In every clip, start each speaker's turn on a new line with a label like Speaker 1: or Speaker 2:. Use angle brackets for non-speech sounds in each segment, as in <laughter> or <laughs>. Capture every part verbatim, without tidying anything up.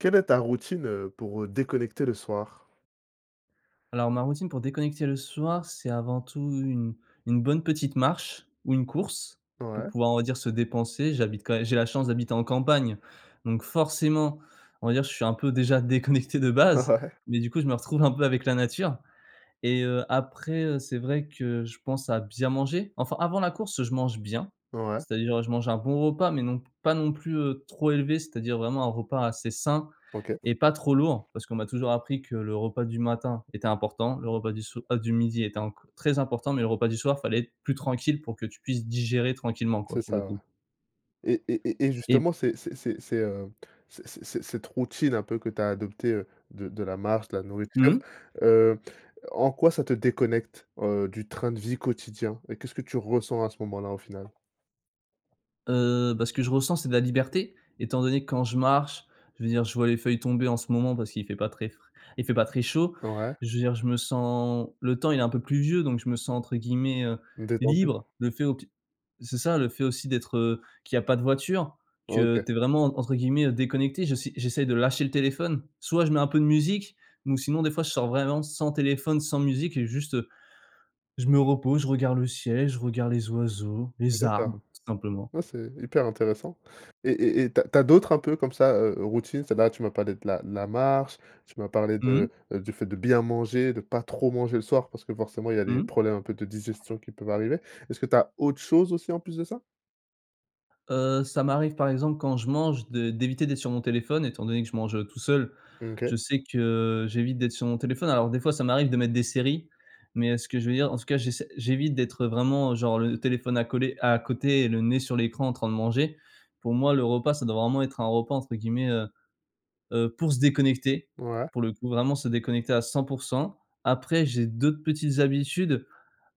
Speaker 1: Quelle est ta routine, heu, pour, heu, déconnecter le soir?
Speaker 2: Alors ma routine pour déconnecter le soir, c'est avant tout une une bonne petite marche ou une course pour
Speaker 1: Ouais.
Speaker 2: pouvoir, on va dire, se dépenser, j'habite quand et j'ai la chance d'habiter en campagne, donc forcément on va dire je suis un peu déjà déconnecté de
Speaker 1: Ah,
Speaker 2: base,
Speaker 1: ouais.
Speaker 2: mais du coup, je me retrouve un peu avec la nature et heu, après, heu, c'est vrai que je pense à bien manger. Enfin avant la course je mange bien,
Speaker 1: Ouais.
Speaker 2: c'est-à-dire je mange un bon repas mais non pas non plus, heu, trop élevé, c'est-à-dire vraiment un repas assez sain
Speaker 1: OK.
Speaker 2: et pas trop lourd parce qu'on m'a toujours appris que le repas du matin était important, le repas du soi, heu, du midi était enco très important mais le repas du soir, fallait être plus tranquille pour que tu puisses digérer tranquillement, quoi,
Speaker 1: C'est
Speaker 2: pour le
Speaker 1: ça, ouais
Speaker 2: coup
Speaker 1: et et et et
Speaker 2: et
Speaker 1: justement, c'est c'est c'est c'est, heu, c'est c'est cette routine un peu que tu as adopté, heu, de de la marche, de la nourriture,
Speaker 2: Mmh.
Speaker 1: heu, en quoi, ça te déconnecte, heu, du train de vie quotidien? Et qu'est-ce que tu ressens à ce moment-là, au final?
Speaker 2: Heu, bah ce que je ressens, c'est de la liberté étant donné que quand je marche, je veux dire, je vois les feuilles tomber en ce moment parce qu'il fait pas très fr il fait pas très chaud,
Speaker 1: Ouais.
Speaker 2: je veux dire, je me sens le temps il est un peu pluvieux donc je me sens entre guillemets, heu,
Speaker 1: Détendu?
Speaker 2: «libre» le fait au t c'est ça, le fait aussi, d'être, heu, qu'il y a pas de voiture, que
Speaker 1: OK.
Speaker 2: tu es vraiment en entre guillemets «déconnecté», j'essai j'essaye de lâcher le téléphone, soit je mets un peu de musique ou sinon, des fois, je sors vraiment sans téléphone sans musique et juste je me repose, je regarde le ciel, je regarde les oiseaux, les arbres
Speaker 1: D'accord.
Speaker 2: tout simplement.
Speaker 1: Ouais, c'est hyper intéressant et et et tu as tu as d'autres un peu comme ça, heu heu, routine, c'est-à-dire, là tu m'as parlé de la de la marche, tu m'as parlé de
Speaker 2: Mmh.
Speaker 1: du fait de bien manger, de pas trop manger le soir, parce que forcément il y a
Speaker 2: Mmh
Speaker 1: des
Speaker 2: mh.
Speaker 1: problèmes un peu de digestion qui peuvent arriver. Est-ce que tu as autre chose aussi en plus de ça?
Speaker 2: Heu, ça m'arrive par exemple quand je mange de d'éviter d'être sur mon téléphone étant donné que je mange, heu, tout seul,
Speaker 1: Mmh,
Speaker 2: je
Speaker 1: OK.
Speaker 2: sais que j'évite d'être sur mon téléphone alors des fois ça m'arrive de mettre des séries mais heu, ce que je veux dire en tout cas j'essaie j'évite d'être vraiment genre le téléphone à coller à côté et le nez sur l'écran en train de manger. Pour moi le repas, ça doit vraiment être un repas entre guillemets, heu heu, pour se «déconnecter»,
Speaker 1: Ouais.
Speaker 2: pour le coup vraiment se déconnecter à cent pour cent. Après j'ai d'autres petites habitudes,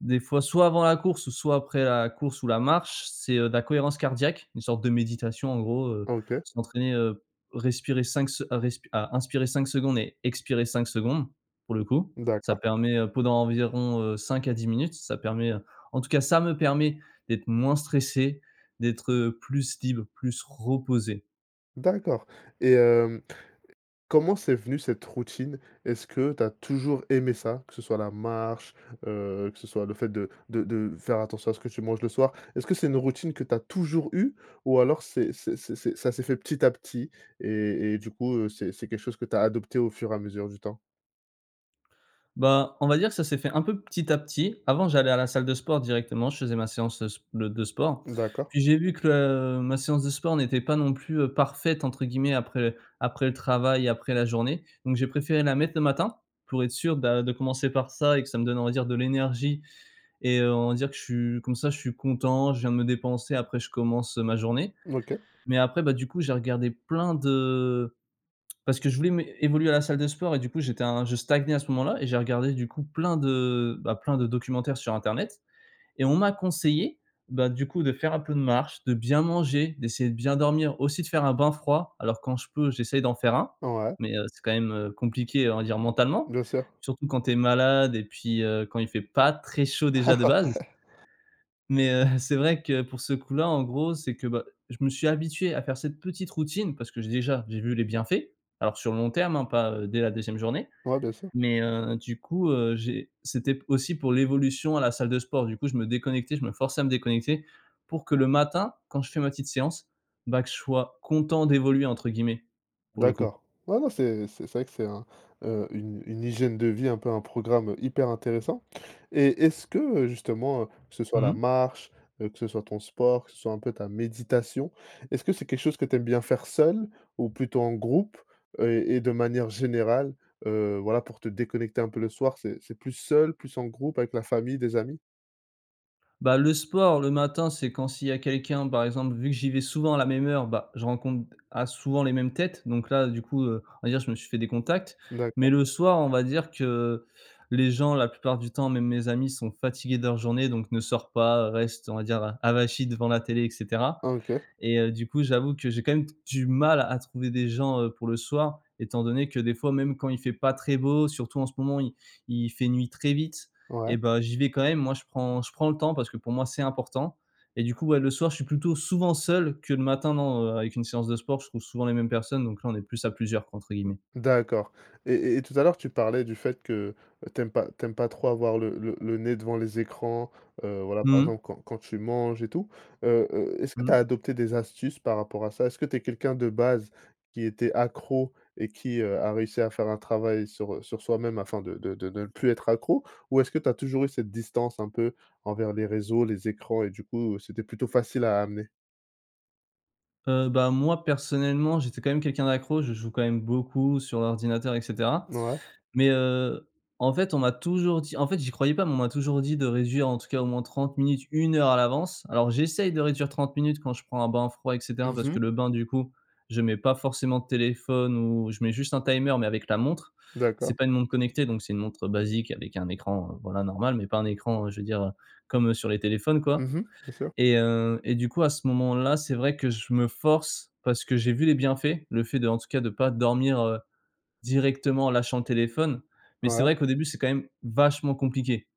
Speaker 2: des fois soit avant la course, soit après la course ou la marche, c'est, heu, de la cohérence cardiaque, une sorte de méditation en gros, heu,
Speaker 1: OK.
Speaker 2: s'entraîner po heu, respirer cinq se respirer à inspirer cinq secondes et expirer cinq secondes, pour le coup. Ça
Speaker 1: D'accord.
Speaker 2: permet podant environ, heu, cinq à dix minutes, ça permet, heu, en tout cas, ça me permet d'être moins stressé, d'être, heu, plus libre, plus reposé.
Speaker 1: D'accord, et hem, comment c'est venu, cette routine? Est-ce que tu as toujours aimé ça, que ce soit la marche, heu, que ce soit le fait de de de faire attention à ce que tu manges le soir? Est-ce que c'est une routine que tu as toujours eue, ou alors c'est c'est c'est c'est ça s'est fait petit à petit et et du coup, heu, c'est c'est quelque chose que tu as adopté au fur et à mesure du temps?
Speaker 2: Ben, on va dire que ça s'est fait un peu petit à petit. Avant j'allais à la salle de sport, directement je faisais ma séance s de de sport.
Speaker 1: D'accord.
Speaker 2: Puis j'ai vu que le ma séance de sport n'était pas non plus, heu, «parfaite» entre guillemets, après après le travail, après la journée. Donc, j'ai préféré la mettre le matin, pour être sûr, bah, de commencer par ça et que ça me donne, on va dire, de l'énergie et heu, on va dire que je suis comme ça je suis content je viens de me dépenser après je commence, heu, ma journée.
Speaker 1: OK.
Speaker 2: Mais après, bah du coup, j'ai regardé plein de <clicks tongue> parce que je voulais mé évoluer à la salle de sport et du coup j'étais un je stagnais à ce moment-là et j'ai regardé du coup plein de, bah, plein de documentaires sur internet. Et on m'a conseillé, bah, du coup, de faire un peu de marche, de bien manger, d'essayer de bien dormir, aussi de faire un bain froid, alors quand je peux j'essaye d'en faire un,
Speaker 1: Ouais.
Speaker 2: mais, heu, c'est quand même, heu, compliqué, on va dire, mentalement,
Speaker 1: Bien sûr.
Speaker 2: surtout quand tu es malade et puis, heu, quand il fait pas très chaud déjà de
Speaker 1: <laughs>
Speaker 2: base.
Speaker 1: Ouais.
Speaker 2: Mais, heu, c'est vrai que pour ce coup-là, en gros, c'est que bah, je me suis habitué à faire cette petite routine, parce que j'ai déjà, j'ai vu les bienfaits, alors sur le long terme, hein, pas, heu, dès la deuxième journée.
Speaker 1: Ouais, bien sûr.
Speaker 2: Mais, heu, du coup, heu, j'ai c'était aussi pour l'évolution à la salle de sport, du coup, je me déconnectais, je me forçais à me déconnecter, pour que le matin, quand je fais ma petite séance, bah, que je sois «content d'évoluer», entre guillemets, pour le coup.
Speaker 1: D'accord. Ouais, non, c'est c'est vrai que c'est un, heu, une une hygiène de vie un peu, un programme hyper intéressant. Et est-ce que, heu, justement, heu, que ce soit
Speaker 2: Mmh
Speaker 1: la
Speaker 2: mh.
Speaker 1: marche, heu, que ce soit ton sport, que ce soit un peu ta méditation, est-ce que c'est quelque chose que tu aimes bien faire seul, ou plutôt en groupe, heu, et de manière générale, heu, voilà pour te déconnecter un peu le soir, c'est c'est plus seul plus en groupe, avec la famille, des amis?
Speaker 2: Bah, le sport le matin, c'est quand s'il y a quelqu'un par exemple. Vu que j'y vais souvent à la même heure, bah, je rencontre ah, souvent les mêmes têtes, donc là du coup, heu, on va dire je me suis fait des contacts. Mais
Speaker 1: D'accord.
Speaker 2: le soir, on va dire que, heu, les gens la plupart du temps même mes amis sont fatigués de leur journée et donc ne sortent pas, heu, restent on va dire, heu, avachis devant la télé et cetera.
Speaker 1: Ah, OK.
Speaker 2: Et heu, du coup, j'avoue que j'ai quand même d du mal à trouver des gens, heu, pour le soir, étant donné que des fois même quand il fait pas très beau surtout en ce moment il il fait nuit très vite
Speaker 1: Ouais.
Speaker 2: et bah, j'y vais quand même. Moi je prends je prends le temps, parce que pour moi c'est important. Et du coup, ouais, le soir je suis plutôt souvent seul, que le matin non, avec une séance de sport je trouve souvent les mêmes personnes donc là on est plus «à plusieurs» entre guillemets.
Speaker 1: D'accord. Et et tout à l'heure tu parlais du fait que tu aimes pas tu aimes pas trop avoir le le le nez devant les écrans, heu, voilà, par
Speaker 2: Mmh mh.
Speaker 1: exemple quand quand tu manges et tout. Heu heu, est-ce que tu as
Speaker 2: Mmh.
Speaker 1: adopté des astuces par rapport à ça? Est-ce que tu es quelqu'un de base qui était accro et qui, heu, a réussi à faire un travail sur, heu, sur soi-même afin de de de ne plus être accro? Ou est-ce que tu as toujours eu cette distance un peu envers les réseaux, les écrans et du coup, heu, c'était plutôt facile à amener?
Speaker 2: Heu, bah, moi, personnellement, j'étais quand même quelqu'un d'accro, je joue quand même beaucoup sur l'ordinateur et cetera.
Speaker 1: Ouais.
Speaker 2: Mais, heu, en fait, on m'a toujours dit en fait, j'y croyais pas, mais on m'a toujours dit de réduire en tout cas au moins trente minutes, une heure à l'avance. Alors, j'essaye de réduire trente minutes quand je prends un bain froid et cetera,
Speaker 1: Mmh
Speaker 2: parce que
Speaker 1: mh.
Speaker 2: le bain du coup, je mets pas forcément de téléphone ou je mets juste un timer mais avec la montre.
Speaker 1: D'accord.
Speaker 2: C'est pas une montre connectée donc c'est une montre basique avec un écran, voilà, normal mais pas un écran je veux dire, heu, comme sur les téléphones,
Speaker 1: Mmh
Speaker 2: quoi.
Speaker 1: mh, bien sûr.
Speaker 2: Et heu, et du coup, à ce moment-là, c'est vrai que je me force parce que j'ai vu les bienfaits, le fait d'en tout cas de pas dormir, heu, directement en lâchant le téléphone. Mais c'est
Speaker 1: Ouais.
Speaker 2: vrai qu'au début, c'est quand même vachement compliqué,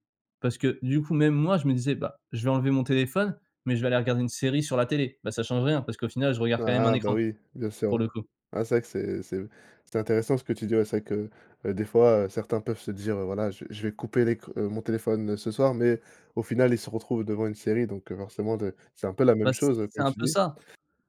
Speaker 2: parce que du coup, même moi, je me disais: «Bah, je vais enlever mon téléphone mais je vais aller regarder une série sur la télé». Bah, ça change rien parce qu'au final je regarde quand même un
Speaker 1: Ah bah,
Speaker 2: écran
Speaker 1: oui, bien sûr,
Speaker 2: pour le
Speaker 1: ouais.
Speaker 2: coup.
Speaker 1: Ah, c'est vrai que c'est c'est c'est intéressant ce que tu dis. Ouais, c'est vrai que, heu, des fois, heu, certains peuvent se dire: «Voilà, je je vais couper l'ec heu, mon téléphone ce soir», mais au final, ils se retrouvent devant une série. Donc, heu, forcément, d c'est un peu la
Speaker 2: Bah,
Speaker 1: même
Speaker 2: c
Speaker 1: chose,
Speaker 2: c'est
Speaker 1: comme
Speaker 2: un
Speaker 1: tu
Speaker 2: peu
Speaker 1: dis.
Speaker 2: ça,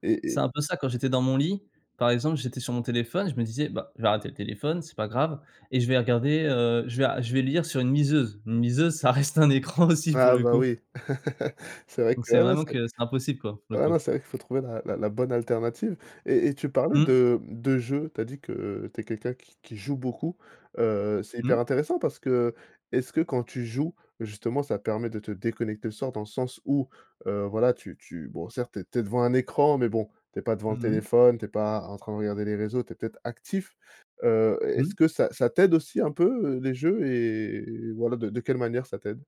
Speaker 1: Et
Speaker 2: c'est
Speaker 1: et
Speaker 2: un peu ça quand j'étais dans mon lit, par exemple, j'étais sur mon téléphone je me disais: «Bah, je vais arrêter le téléphone c'est pas grave et je vais regarder, heu, je vais a je vais lire sur une liseuse». Une liseuse ça reste un écran aussi, pour
Speaker 1: Ah
Speaker 2: le
Speaker 1: bah
Speaker 2: coup.
Speaker 1: oui, <laughs> c'est vrai
Speaker 2: Donc
Speaker 1: que
Speaker 2: c'est
Speaker 1: ah non
Speaker 2: vraiment
Speaker 1: c'est
Speaker 2: que c'est impossible quoi, pour le
Speaker 1: ah non,
Speaker 2: coup.
Speaker 1: c'est vrai qu'il faut trouver la la la bonne alternative. Et et tu parlais
Speaker 2: Mmh.
Speaker 1: de de jeux tu as dit que tu es quelqu'un qui qui joue beaucoup. Heu, c'est
Speaker 2: Mmh.
Speaker 1: hyper intéressant parce que est-ce que quand tu joues justement, ça permet de te déconnecter le soir dans le sens où, heu, voilà tu tu bon, certes, tu es tu es devant un écran mais bon tu es pas devant le
Speaker 2: Mmh mh.
Speaker 1: téléphone, tu es pas en train de regarder les réseaux, tu es peut-être, actif. Heu, est-ce
Speaker 2: Mmh.
Speaker 1: que ça ça t'aide aussi un peu, heu, les jeux et voilà, de de quelle manière ça t'aide?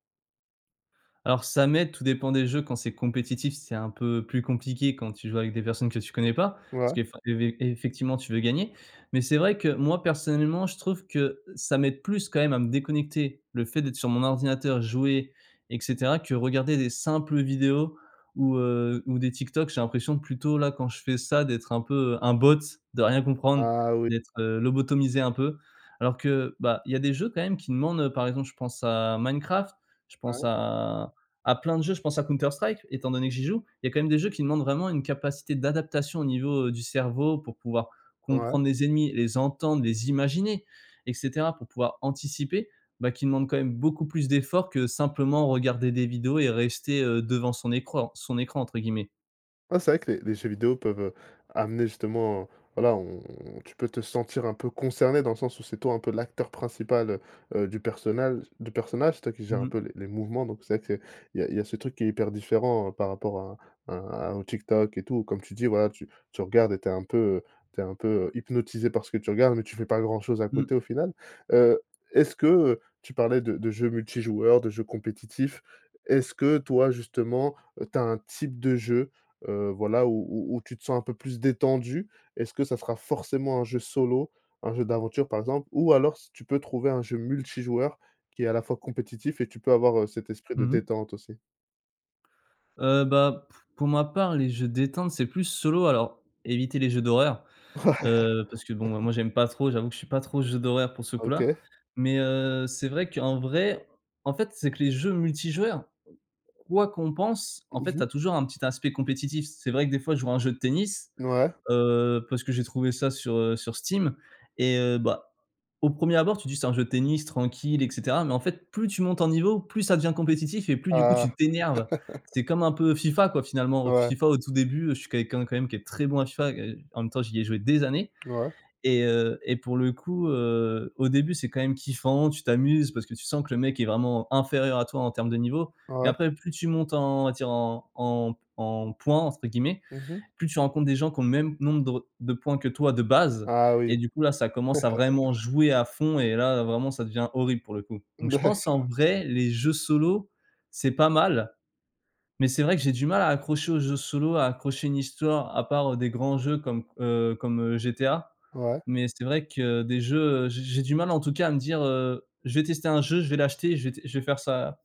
Speaker 2: Alors, ça m'aide, tout dépend des jeux. Quand c'est compétitif, c'est un peu plus compliqué, quand tu joues avec des personnes que tu connais pas. Parce
Speaker 1: Ouais.
Speaker 2: que effa évé effectivement tu veux gagner. Mais c'est vrai que, moi, personnellement, je trouve que ça m'aide plus quand même à me déconnecter, le fait d'être sur mon ordinateur jouer et cetera, que regarder des simples vidéos ou, heu, ou des TikTok. J'ai l'impression plutôt là, quand je fais ça, d'être un peu, un bot, de rien comprendre,
Speaker 1: Ah oui!
Speaker 2: d'être, heu, lobotomisé un peu. Alors que, bah, il y a des jeux quand même qui demandent, par exemple, je pense à Minecraft, je pense
Speaker 1: Ouais.
Speaker 2: à à plein de jeux, je pense à Counter Strike, étant donné que j'y joue, il y a quand même des jeux qui demandent vraiment une capacité d'adaptation au niveau, heu, du cerveau pour pouvoir
Speaker 1: Ouais.
Speaker 2: comprendre les ennemis, les entendre, les imaginer et cetera, pour pouvoir anticiper, bah, qui demandent quand même beaucoup plus d'efforts que simplement regarder des vidéos et rester, heu, «devant son écran son écran», entre guillemets.
Speaker 1: Ouais, c'est vrai que les les jeux vidéo peuvent, heu, amener justement, voilà, on on tu peux te sentir un peu concerné dans le sens où c'est toi, un peu, l'acteur principal, heu heu, du personnale du personnage. C'est toi qui gère un
Speaker 2: Mmh.
Speaker 1: peu les les mouvements, donc c'est vrai qu'il y a il y a ce truc qui est hyper différent par rapport à à à un TikTok et tout. Comme tu dis, voilà, que tu tu regardes et tu es un peu, heu, tu es un peu, heu, hypnotisé parce que tu regardes, mais tu fais pas grand-chose à
Speaker 2: Mmh.
Speaker 1: côté, au final. Heu, est-ce que, heu- tu parlais de de jeux multi-joueurs, de jeux compétitifs- est-ce que, toi, justement, tu as un type de jeu, heu, voilà, où où tu te sens un peu plus détendu? Est-ce que ça sera forcément un jeu solo, un jeu d'aventure, par exemple, ou alors s tu peux trouver un jeu multi-joueurs qui est, à la fois, compétitif et tu peux avoir, heu, cet esprit de
Speaker 2: Mmh mh.
Speaker 1: détente aussi?
Speaker 2: Heu, bah, p pour ma part, les jeux détente, c'est plus solo. Alors, éviter les jeux d'horreur,
Speaker 1: Ouais!
Speaker 2: heu, parce que, bon, bah,
Speaker 1: <chuckles>
Speaker 2: moi, j'aime pas trop. J'avoue que je suis pas trop jeu d'horreur, pour ce coup-là,
Speaker 1: OK.
Speaker 2: mais heu, c'est vrai qu'en vrai, en fait, c'est que les jeux multi-joueurs, quoi qu'on pense, en
Speaker 1: Mmh
Speaker 2: fait, tu as
Speaker 1: mh.
Speaker 2: toujours un petit aspect compétitif. C'est vrai que, des fois, je joue à un jeu de tennis,
Speaker 1: Ouais.
Speaker 2: heu, parce que j'ai trouvé ça sur, heu, sur Steam et heu, bah, au premier abord, tu dis: «Ç'est un jeu de tennis tranquille» et cetera, mais en fait, plus tu montes en niveau, plus ça devient compétitif et plus, du coup,
Speaker 1: Ah.
Speaker 2: tu t'énerves.
Speaker 1: <laughs>
Speaker 2: C'est comme un peu FIFA, quoi, finalement.
Speaker 1: Ouais.
Speaker 2: FIFA, au tout début, heu, je suis quelqu'un quand même qui est très bon à FIFA et en même temps, j'y ai joué des années
Speaker 1: Ouais.
Speaker 2: et heu, et pour le coup, heu, au début, c'est quand même kiffant. Tu t'amuses parce que tu sens que le mec est vraiment inférieur à toi en termes de niveau et
Speaker 1: Ouais.
Speaker 2: après, plus tu montes en on va dire, en en en «points» entre guillemets,
Speaker 1: Mmh mh.
Speaker 2: plus tu rencontres des gens qui ont le même nombre de re de points que toi, de base
Speaker 1: Ah oui.
Speaker 2: et du coup, là, ça commence à vraiment
Speaker 1: <chuckles>
Speaker 2: jouer à fond et là, vraiment, ça devient horrible, pour le coup, donc je pense, en
Speaker 1: D'accord.
Speaker 2: vrai, les jeux solo, c'est pas mal, mais c'est vrai que j'ai du mal à accrocher aux jeux solo, à accrocher une histoire, à part, heu, des grands jeux comme, heu, comme, heu, GTA,
Speaker 1: Ouais.
Speaker 2: mais c'est vrai que des jeux, heu, j'ai j'ai du mal, en tout cas, à me dire, heu: «Je vais tester un jeu, je vais l'acheter, je vais t je vais faire sa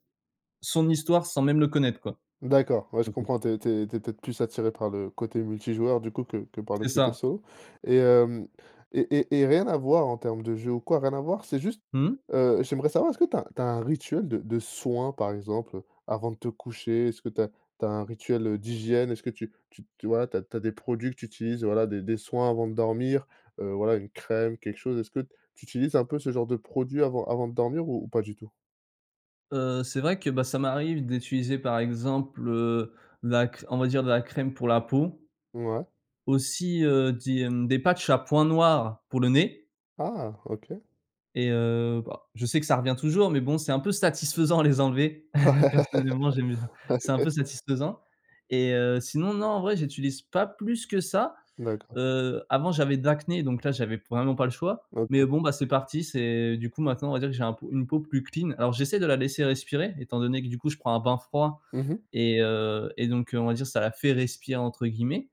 Speaker 2: son histoire, sans même le connaître», quoi.
Speaker 1: D'accord, ouais, je
Speaker 2: Pour le coup.
Speaker 1: comprends. Tu es tu es tu es peut-être plus attiré par le côté multi-joueur du coup que que par le
Speaker 2: C'est
Speaker 1: côté
Speaker 2: ça!
Speaker 1: solo, et hem, et et et rien à voir en termes de jeu ou quoi, rien à voir. C'est juste,
Speaker 2: Mmh.
Speaker 1: heu, j'aimerais savoir: est-ce que tu as tu as un rituel de de soins, par exemple, heu, avant de te coucher? Est-ce que tu as tu as un rituel, heu, d'hygiène? Est-ce que tu tu tu voilà, tu as tu as des produits que tu utilises? Voilà, des des soins avant de dormir, heu, voilà, une crème, quelque chose? Est-ce que t tu utilises un peu ce genre de produits avant avant de dormir ou ou pas du tout?
Speaker 2: Heu, c'est vrai que, bah, ça m'arrive d'utiliser, par exemple, heu, de la cr on va dire de la crème pour la peau,
Speaker 1: Mouais.
Speaker 2: aussi, heu, des, hem, des patchs à points noirs pour le nez
Speaker 1: Ah, OK!
Speaker 2: et heu, bah, je sais que ça revient toujours, mais bon, c'est un peu satisfaisant à les enlever.
Speaker 1: Ouais,
Speaker 2: <chuckles> Personnellement, j'aime bien. C'est un peu
Speaker 1: OK.
Speaker 2: satisfaisant et heu, sinon, non, en vrai, j'utilise pas plus que ça.
Speaker 1: D'accord.
Speaker 2: Heu, avant, j'avais de l'acné donc là, j'avais p vraiment pas le choix mais
Speaker 1: OK.
Speaker 2: bon, bah, c'est parti. C'est du coup, maintenant, on va dire que j'ai un peau une peau plus clean. Alors, j'essaie de la laisser respirer étant donné que, du coup, je prends un bain froid
Speaker 1: Mmh mh.
Speaker 2: et heu, et donc on va dire, «ça la fait respirer,» entre guillemets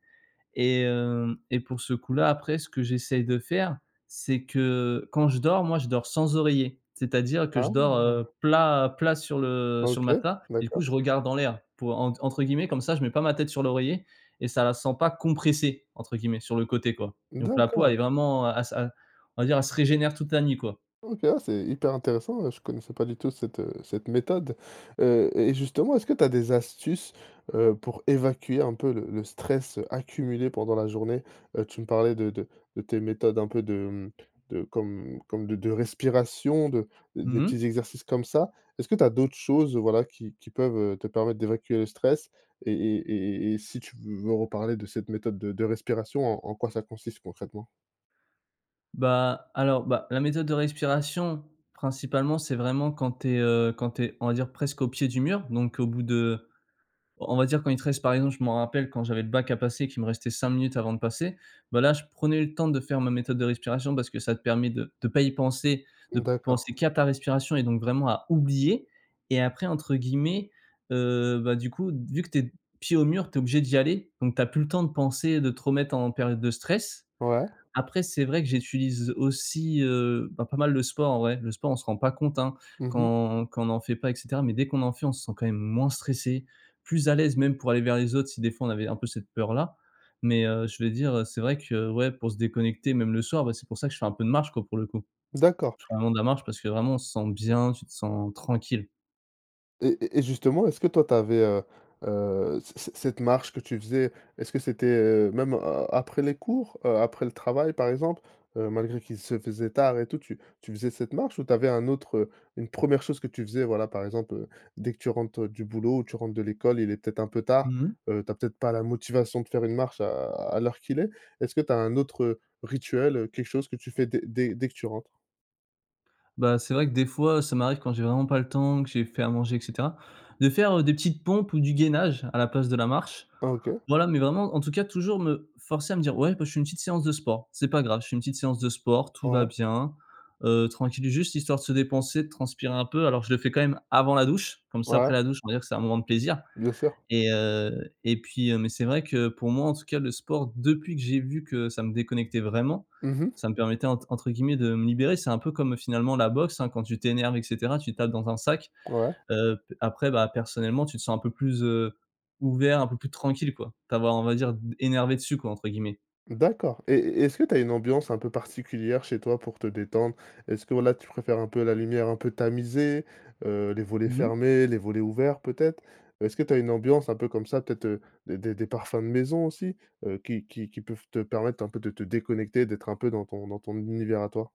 Speaker 2: et hem, et pour ce coup-là, après, ce que j'essaye de faire, c'est que, quand je dors, moi, je dors sans oreiller. C'est-à-dire que je dors,
Speaker 1: Ah!
Speaker 2: heu, plat plat sur le sur le
Speaker 1: OK.
Speaker 2: matelas, et coup,
Speaker 1: D'accord.
Speaker 2: je regarde en l'air pour, entre entre guillemets, comme ça, je mets pas ma tête sur l'oreiller et ça la sent pas «compressée» entre guillemets, sur le côté, quoi, donc la peau,
Speaker 1: D'accord.
Speaker 2: elle est vraiment, heu, à s à on va dire, elle se régénère toute la nuit, quoi.
Speaker 1: OK. Ah, c'est hyper intéressant, heu, je connaissais pas du tout cette, heu, cette méthode. Heu, et justement, est-ce que tu as des astuces, heu, pour évacuer un peu le le stress, heu, accumulé pendant la journée? Heu, tu me parlais de de de tes méthodes un peu de, mmh, de comme comme de de respiration, de
Speaker 2: Mmh
Speaker 1: des
Speaker 2: mh.
Speaker 1: petits exercices comme ça. Est-ce que tu as d'autres choses, heu, voilà, qui qui peuvent, heu, te permettre d'évacuer le stress et et et et et si tu v veux reparler de cette méthode de de respiration? En en quoi ça consiste concrètement?
Speaker 2: Bah, alors, bah, la méthode de respiration principalement, c'est vraiment quand tu es, heu, quand tu es, on va dire, presque au pied du mur donc au bout de on va dire, quand il te reste, par exemple, je m'en rappelle, quand j'avais le bac à passer, qu'il me restait cinq minutes avant de passer, bah, là, je prenais le temps de faire ma méthode de respiration parce que ça te permet de de pas y penser,
Speaker 1: Mmh
Speaker 2: de
Speaker 1: d'accord.
Speaker 2: penser qu'à ta respiration et donc vraiment à oublier, et après, entre guillemets, heu, bah, du coup, vu que tu es pieds au mur, tu es obligé d'y aller donc tu as plus le temps de penser de te remettre en période de stress.
Speaker 1: Ouais.
Speaker 2: Après, c'est vrai que j'utilise aussi, heu, bah, pas mal le sport en vrai. Le sport, on se rend pas compte, hein.
Speaker 1: Mmh mh.
Speaker 2: Quand quand on en fait pas et cetera mais dès qu'on en fait, on se sent quand même moins stressé, plus à l'aise, même pour aller vers les autres, si, des fois, on avait un peu cette peur-là, mais heu, je vais dire, heu: «C'est vrai que, ouais, pour se déconnecter, même le soir, bah, c'est pour ça que je fais un peu de marche, quoi, pour le coup».
Speaker 1: D'accord.
Speaker 2: Je fais vraiment de la marche parce que, vraiment, on se sent bien. Tu te sens tranquille.
Speaker 1: Et et et justement, est-ce que toi tu avais, heu heu, c c cette marche que tu faisais? Est-ce que c'était, heu, même, heu, après les cours, heu, après le travail, par exemple? Heu, malgré qu'il se faisait tard et tout, tu tu faisais cette marche ou tu avais un autre heu, une première chose que tu faisais, voilà, par exemple, heu, dès que tu rentres du boulot? Ou tu rentres de l'école, il est peut-être un peu tard,
Speaker 2: Mmh mh.
Speaker 1: heu, tu as peut-être pas la motivation de faire une marche à à l'heure qu'il est. Est ce que tu as un autre, heu, rituel, heu, quelque chose que tu fais dès dès dès que tu rentres?
Speaker 2: Bah, c'est vrai que des fois ça m'arrive quand j'ai vraiment pas le temps, que j'ai fait à manger, et cetera, de faire, heu, des petites pompes ou du gainage à la place de la marche,
Speaker 1: Ah, OK.
Speaker 2: voilà, mais vraiment, en tout cas, toujours me forcer à me dire: «Ouais, bah je fais une petite séance de sport, c'est pas grave, je fais une petite séance de sport, tout va
Speaker 1: Ouais.
Speaker 2: bien», heu, tranquille, juste histoire de se dépenser, de transpirer un peu, alors je le fais quand même avant la douche, comme ça,
Speaker 1: Ouais.
Speaker 2: après, la douche, on va dire que c'est un moment de plaisir.
Speaker 1: Bien sûr.
Speaker 2: Et heu, et puis heu, mais c'est vrai que pour moi en tout cas le sport depuis que j'ai vu que ça me déconnectait vraiment,
Speaker 1: Mmh mh.
Speaker 2: ça me permettait ent entre guillemets de me «libérer». C'est un peu comme, heu, finalement la boxe, hein, quand tu t'énerves et cetera, tu tapes dans un sac,
Speaker 1: Ouais.
Speaker 2: heu, p après, bah, personnellement tu te sens un peu plus, heu, ouvert, un peu plus tranquille, quoi, de t'avoir on va dire «énervé dessus», quoi, entre guillemets.
Speaker 1: D'accord, et et est-ce que tu as une ambiance un peu particulière chez toi pour te détendre? Est-ce que voilà, tu préfères un peu, la lumière un peu tamisée, heu, les volets
Speaker 2: Mmh mh.
Speaker 1: fermés, les volets ouverts, peut-être? Heu, est-ce que tu as une ambiance un peu comme ça peut-être, heu, des des des parfums de maison aussi, heu, qui qui qui peuvent te permettre un peu de te déconnecter, d'être un peu dans ton dans ton univers à toi?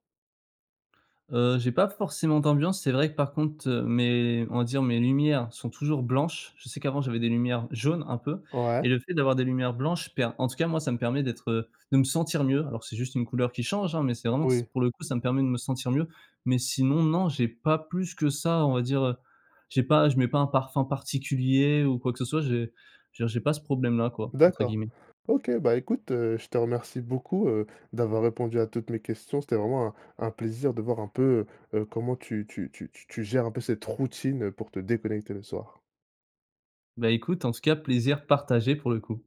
Speaker 2: Heu, j'ai pas forcément d'ambiance, c'est vrai que par contre, heu, mes, on va dire, mes lumières sont toujours blanches. Je sais qu'avant j'avais des lumières jaunes, un peu,
Speaker 1: Ouais.
Speaker 2: et le fait d'avoir des lumières blanches per en tout cas moi ça me permet d'être, heu, de me sentir mieux. Alors c'est juste une couleur qui change, hein, mais c'est vraiment s
Speaker 1: Oui.
Speaker 2: pour le coup, ça me permet de me sentir mieux. Mais sinon, non, j'ai pas plus que ça on va dire, heu, j'ai pas je mets pas un parfum particulier ou quoi que ce soit, j'ai je veux dire j'ai pas ce «problème-là» quoi, entre
Speaker 1: D'accord.
Speaker 2: guillemets.
Speaker 1: OK, bah écoute, heu, je te remercie beaucoup, heu, d'avoir répondu à toutes mes questions. C'était vraiment un un plaisir de voir un peu, heu heu, comment tu tu tu t tu gères un peu cette routine, heu, pour te déconnecter le soir.
Speaker 2: Bah, écoute en tout cas plaisir partagé pour le coup.